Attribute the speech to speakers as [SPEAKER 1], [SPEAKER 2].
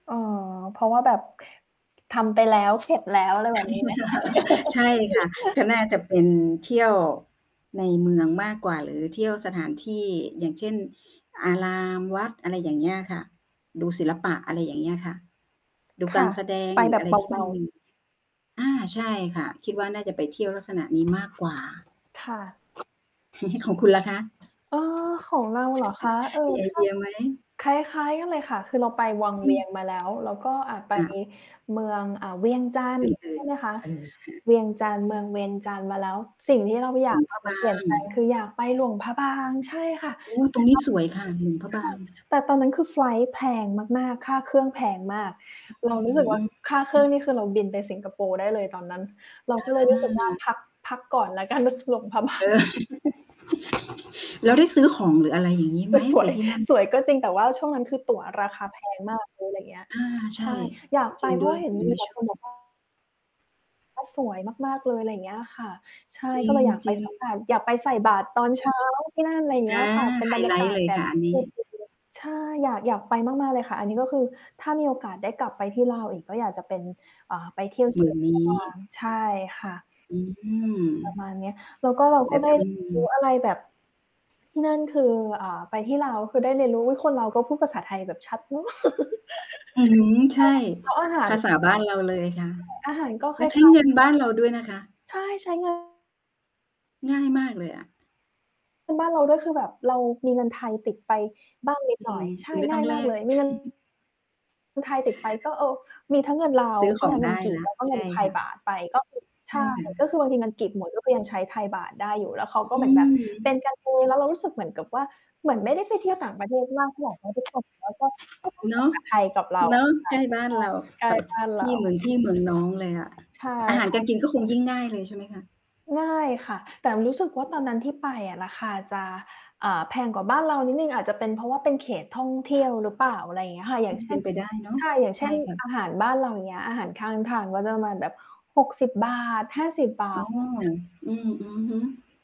[SPEAKER 1] อ๋อ เพราะว่าแบบ ทำไปแล้ว เสร็จแล้ว อะไรแบบนี้ไหมค
[SPEAKER 2] ใช่ค่ะ
[SPEAKER 1] ะ?
[SPEAKER 2] ก็น่าจะเป็นเที่ยวในเมืองมากกว่า หรือเที่ยวสถานที่ อย่างเช่น อาราม วัด อะไรอย่างเงี้ยค่ะ ดูศิลปะ อะไรอย่างเงี้ยค่ะ ดู
[SPEAKER 1] ค
[SPEAKER 2] ก
[SPEAKER 1] ่
[SPEAKER 2] า
[SPEAKER 1] ะ
[SPEAKER 2] รแสดง
[SPEAKER 1] ไป
[SPEAKER 2] หรื
[SPEAKER 1] แ
[SPEAKER 2] อ
[SPEAKER 1] บ
[SPEAKER 2] อะ
[SPEAKER 1] บ
[SPEAKER 2] ไร
[SPEAKER 1] เ
[SPEAKER 2] ที่
[SPEAKER 1] บ
[SPEAKER 2] มั
[SPEAKER 1] า
[SPEAKER 2] น
[SPEAKER 1] ๆ
[SPEAKER 2] มี อา ใช่ค่
[SPEAKER 1] ค
[SPEAKER 2] ะ
[SPEAKER 1] ่ะ
[SPEAKER 2] คิดว่าน่าจะไปเที่ยวลักษณะนี้ มากกว่า
[SPEAKER 1] ค่ะ
[SPEAKER 2] ของคุณล่ะคะ?
[SPEAKER 1] เออ ของเราเหรอคะ เอ่อ
[SPEAKER 2] มีไอ
[SPEAKER 1] ถ
[SPEAKER 2] เ
[SPEAKER 1] ้
[SPEAKER 2] ด
[SPEAKER 1] า
[SPEAKER 2] ียไหม?
[SPEAKER 1] คล้าย ๆ กันเลยค่ะ คือเราไปวัง
[SPEAKER 2] อ
[SPEAKER 1] เ
[SPEAKER 2] ื
[SPEAKER 1] วี
[SPEAKER 2] ม
[SPEAKER 1] ยงมาแล้ว แล้วก็ อ่า ไป
[SPEAKER 2] ค่ะ
[SPEAKER 1] เมือง อ่า เวียง จันทร์
[SPEAKER 2] เพลิ
[SPEAKER 1] ใช่
[SPEAKER 2] น
[SPEAKER 1] ไหมคะ
[SPEAKER 2] ๆ เออ ค่ะ
[SPEAKER 1] เวียงจันทร์ เมืองเวียงจันทร์มาแล้ว สิ่งที่เราอย
[SPEAKER 2] หล
[SPEAKER 1] า
[SPEAKER 2] ว
[SPEAKER 1] ก
[SPEAKER 2] ง พระ
[SPEAKER 1] จ
[SPEAKER 2] บ
[SPEAKER 1] ะเ
[SPEAKER 2] า
[SPEAKER 1] ปลี่ยน
[SPEAKER 2] ง
[SPEAKER 1] แปลง คือ อยากไปหลวงพระบาง ใช่ค่ะ
[SPEAKER 2] อุ๊ย
[SPEAKER 1] แต
[SPEAKER 2] ต
[SPEAKER 1] ่
[SPEAKER 2] รงน
[SPEAKER 1] เ
[SPEAKER 2] ี้
[SPEAKER 1] รา
[SPEAKER 2] ส
[SPEAKER 1] ยั
[SPEAKER 2] ว
[SPEAKER 1] ง
[SPEAKER 2] ยค่ะ หลวงพระ
[SPEAKER 1] ถ
[SPEAKER 2] บ
[SPEAKER 1] ู
[SPEAKER 2] าง
[SPEAKER 1] ก แต่ตอนนั้นคือไฟลต์แพงมาก ๆ ค่าเครื่องแพงมาก เราร
[SPEAKER 2] อ
[SPEAKER 1] ู้
[SPEAKER 2] ื
[SPEAKER 1] สึ
[SPEAKER 2] ม
[SPEAKER 1] ก
[SPEAKER 2] ๆ
[SPEAKER 1] ว่า
[SPEAKER 2] อ
[SPEAKER 1] ค่าเครื่
[SPEAKER 2] ื
[SPEAKER 1] อ
[SPEAKER 2] อ
[SPEAKER 1] งนี่คือเราบินไปสิงคโปร์ได้เลยตอนนั้น เรา
[SPEAKER 2] อ
[SPEAKER 1] ก็เลยรู้สึกว่า
[SPEAKER 2] า
[SPEAKER 1] พัก พักก่อนแล้วกัน ด หลวงพระ บา
[SPEAKER 2] เอ
[SPEAKER 1] ง
[SPEAKER 2] อ แล้วได้ซื้อของหรืออะไรอย่างงี้ไ
[SPEAKER 1] ค
[SPEAKER 2] หม?
[SPEAKER 1] ือส
[SPEAKER 2] ไป
[SPEAKER 1] วย
[SPEAKER 2] ที่นั่น
[SPEAKER 1] สวยก็จริง แต่ว่าช่วงนั้นคือตั๋วราคา แพง มาก เลย อะไรอย่างเงี้ย
[SPEAKER 2] อา ใ
[SPEAKER 1] ใ
[SPEAKER 2] ช
[SPEAKER 1] ช่
[SPEAKER 2] ่
[SPEAKER 1] อยาก
[SPEAKER 2] จ
[SPEAKER 1] ไ
[SPEAKER 2] ร
[SPEAKER 1] ป
[SPEAKER 2] ิง
[SPEAKER 1] เพร
[SPEAKER 2] ด
[SPEAKER 1] า
[SPEAKER 2] ้
[SPEAKER 1] ะ
[SPEAKER 2] วย
[SPEAKER 1] เห็น
[SPEAKER 2] ยัง
[SPEAKER 1] มี
[SPEAKER 2] ไม่
[SPEAKER 1] แต่
[SPEAKER 2] ชอ
[SPEAKER 1] ค
[SPEAKER 2] บ
[SPEAKER 1] นบอกว่า สวยมาก ๆ เลย อะไรอย่างเงี้ยค่ะ ใช่
[SPEAKER 2] จร
[SPEAKER 1] ก็เลยอยากไป
[SPEAKER 2] ิง
[SPEAKER 1] สัก
[SPEAKER 2] ๆ
[SPEAKER 1] วัน อยากไปใส่บาตรตอนเช้าที่นั่น อะไรอย่างเ
[SPEAKER 2] อ
[SPEAKER 1] งี้ย
[SPEAKER 2] า
[SPEAKER 1] ค่ะ เป็น
[SPEAKER 2] ไฮ
[SPEAKER 1] บรรย
[SPEAKER 2] ไ
[SPEAKER 1] า
[SPEAKER 2] ล
[SPEAKER 1] ก
[SPEAKER 2] ต
[SPEAKER 1] า
[SPEAKER 2] ์
[SPEAKER 1] ศ
[SPEAKER 2] เลย
[SPEAKER 1] แบ
[SPEAKER 2] ค
[SPEAKER 1] บ
[SPEAKER 2] ่ะอันนี้
[SPEAKER 1] [unintelligible] ใช่ อยาก อยากไปมาก ๆ เลยค่ะ อันนี้ก็คือถ้ามีโอกาสได้กลับไปที่ลาวอีก ก็อยากจะเป็น อ่า ไป เที่ยวท
[SPEAKER 2] หม
[SPEAKER 1] ี่
[SPEAKER 2] ื่
[SPEAKER 1] หล
[SPEAKER 2] น
[SPEAKER 1] วง
[SPEAKER 2] น
[SPEAKER 1] พร
[SPEAKER 2] ี
[SPEAKER 1] ะบ
[SPEAKER 2] ้
[SPEAKER 1] าง ใช่ค่ะ
[SPEAKER 2] อื
[SPEAKER 1] ประ
[SPEAKER 2] ม
[SPEAKER 1] มาณเนี้ย แล้วก็เรา
[SPEAKER 2] แ
[SPEAKER 1] ก
[SPEAKER 2] บ
[SPEAKER 1] ็
[SPEAKER 2] บ
[SPEAKER 1] ไม
[SPEAKER 2] ต
[SPEAKER 1] ่
[SPEAKER 2] ้องม
[SPEAKER 1] ร
[SPEAKER 2] ี
[SPEAKER 1] ู้อะไรแบบ ที่นั่นคือ อ่า ไปที่ลาว คือได้เรียนรู้ อุ๊ย คนลาวก็พูดภาษาไทยแบบชัดเนาะ
[SPEAKER 2] อืม
[SPEAKER 1] ใ
[SPEAKER 2] ใ
[SPEAKER 1] ช
[SPEAKER 2] ช
[SPEAKER 1] ่
[SPEAKER 2] ่
[SPEAKER 1] แล้วอาหา
[SPEAKER 2] ภ
[SPEAKER 1] ร
[SPEAKER 2] าษ
[SPEAKER 1] แบ
[SPEAKER 2] า
[SPEAKER 1] บ
[SPEAKER 2] บ้านเราเลยค่ะ
[SPEAKER 1] ใช่ อาหารก็
[SPEAKER 2] แ
[SPEAKER 1] ค
[SPEAKER 2] ล
[SPEAKER 1] ล
[SPEAKER 2] ้
[SPEAKER 1] ้า
[SPEAKER 2] ว
[SPEAKER 1] ย
[SPEAKER 2] ใช
[SPEAKER 1] ค
[SPEAKER 2] ้
[SPEAKER 1] ล้า
[SPEAKER 2] เ
[SPEAKER 1] ย
[SPEAKER 2] งิ
[SPEAKER 1] กั
[SPEAKER 2] น
[SPEAKER 1] นน
[SPEAKER 2] บ้านเราด้วยนะคะ
[SPEAKER 1] ะ ใช่ ใช้ เงิน
[SPEAKER 2] ง่ายมากเลยอะ
[SPEAKER 1] เป็นบ้านเราด้วย คือแบบเรามีเงินไทยติดไปบ้างนิด
[SPEAKER 2] จ
[SPEAKER 1] หน่
[SPEAKER 2] ริ
[SPEAKER 1] อ
[SPEAKER 2] ง
[SPEAKER 1] ย ใช
[SPEAKER 2] ค
[SPEAKER 1] ่
[SPEAKER 2] ือไม่
[SPEAKER 1] ง
[SPEAKER 2] ต
[SPEAKER 1] ่
[SPEAKER 2] ้
[SPEAKER 1] า
[SPEAKER 2] อ
[SPEAKER 1] ย
[SPEAKER 2] งแ
[SPEAKER 1] ม
[SPEAKER 2] ล
[SPEAKER 1] ากเ
[SPEAKER 2] ก
[SPEAKER 1] ลยมี เงิน ไทยติดไป ก็ เออ มีทั้งเงินลา
[SPEAKER 2] ซ
[SPEAKER 1] ว
[SPEAKER 2] ื้อ
[SPEAKER 1] ใช่
[SPEAKER 2] ข
[SPEAKER 1] ไห
[SPEAKER 2] อ
[SPEAKER 1] ม
[SPEAKER 2] ง
[SPEAKER 1] คะ เ
[SPEAKER 2] ไ
[SPEAKER 1] ง
[SPEAKER 2] ด
[SPEAKER 1] ิน
[SPEAKER 2] ้
[SPEAKER 1] กี
[SPEAKER 2] แ
[SPEAKER 1] บ
[SPEAKER 2] ล้
[SPEAKER 1] แ
[SPEAKER 2] ว
[SPEAKER 1] ล้วก็
[SPEAKER 2] ใ
[SPEAKER 1] เ
[SPEAKER 2] ช
[SPEAKER 1] งิน
[SPEAKER 2] ่
[SPEAKER 1] ไท
[SPEAKER 2] ค
[SPEAKER 1] ย
[SPEAKER 2] ่
[SPEAKER 1] บ
[SPEAKER 2] ะ
[SPEAKER 1] าทไป ก็คือ ใ
[SPEAKER 2] ใ
[SPEAKER 1] ช
[SPEAKER 2] ช
[SPEAKER 1] ่
[SPEAKER 2] ่ค่
[SPEAKER 1] ก็
[SPEAKER 2] ะ
[SPEAKER 1] คือบางทีเงินกีบหมด เราก็ยังใช้ไทยบาทได้อยู่ แล้วเขา
[SPEAKER 2] อ
[SPEAKER 1] ก็เ
[SPEAKER 2] ื
[SPEAKER 1] หมือนแบบเป็
[SPEAKER 2] ม
[SPEAKER 1] นกันเอง แล้วเรารู้สึกเหมือนกับว่า เหมือนไม่ได้ไปเที่ยวต่างประเทศมากเท่าไร เพราะทุกคน เหมือนว่าก็ ก็พูด
[SPEAKER 2] เน
[SPEAKER 1] ภา
[SPEAKER 2] าะ
[SPEAKER 1] ษา ไทยกับเรา
[SPEAKER 2] เนาะ
[SPEAKER 1] ค่
[SPEAKER 2] ใ
[SPEAKER 1] ะ
[SPEAKER 2] กล้บ้านเรา
[SPEAKER 1] ใช่
[SPEAKER 2] แบบ
[SPEAKER 1] ใกล้บ้าน เ
[SPEAKER 2] พ
[SPEAKER 1] ร
[SPEAKER 2] ี่ เมื
[SPEAKER 1] า
[SPEAKER 2] องพี่เมืองน้องเลยอะ
[SPEAKER 1] ใช่
[SPEAKER 2] อาหาร
[SPEAKER 1] ค่
[SPEAKER 2] กา
[SPEAKER 1] ะ
[SPEAKER 2] รกินก็คงยิ่งง่ายเลย ใช่ไหมคะ?
[SPEAKER 1] ง่ายค่ะ แต่รู้สึกว่าตอนนั้นที่ไปอะ ราคาจะ อ่า แพงกว่าบ้านเรานิดหนึ่ง อาจจะเป็นเพราะว่าเป็นเขตท่องเที่ยวหรือเปล่า อะไรอย่างเงี้ยค่ะ อย่
[SPEAKER 2] อ
[SPEAKER 1] า
[SPEAKER 2] ื
[SPEAKER 1] ง
[SPEAKER 2] ม
[SPEAKER 1] เช
[SPEAKER 2] เป
[SPEAKER 1] ่
[SPEAKER 2] ็
[SPEAKER 1] น
[SPEAKER 2] นไปได้เนาะ
[SPEAKER 1] ใช่ อย่าง
[SPEAKER 2] ใ
[SPEAKER 1] เช
[SPEAKER 2] ช
[SPEAKER 1] ่
[SPEAKER 2] ่
[SPEAKER 1] น
[SPEAKER 2] ค่
[SPEAKER 1] อ
[SPEAKER 2] ะ
[SPEAKER 1] าหารบ้านเราอย่างเงี้ย อาหารข้างทางก็จะประมาณแบบ ฿60 ห้าสิบบา
[SPEAKER 2] อ๋อ
[SPEAKER 1] ท ค่ะ
[SPEAKER 2] อือ อือฮึ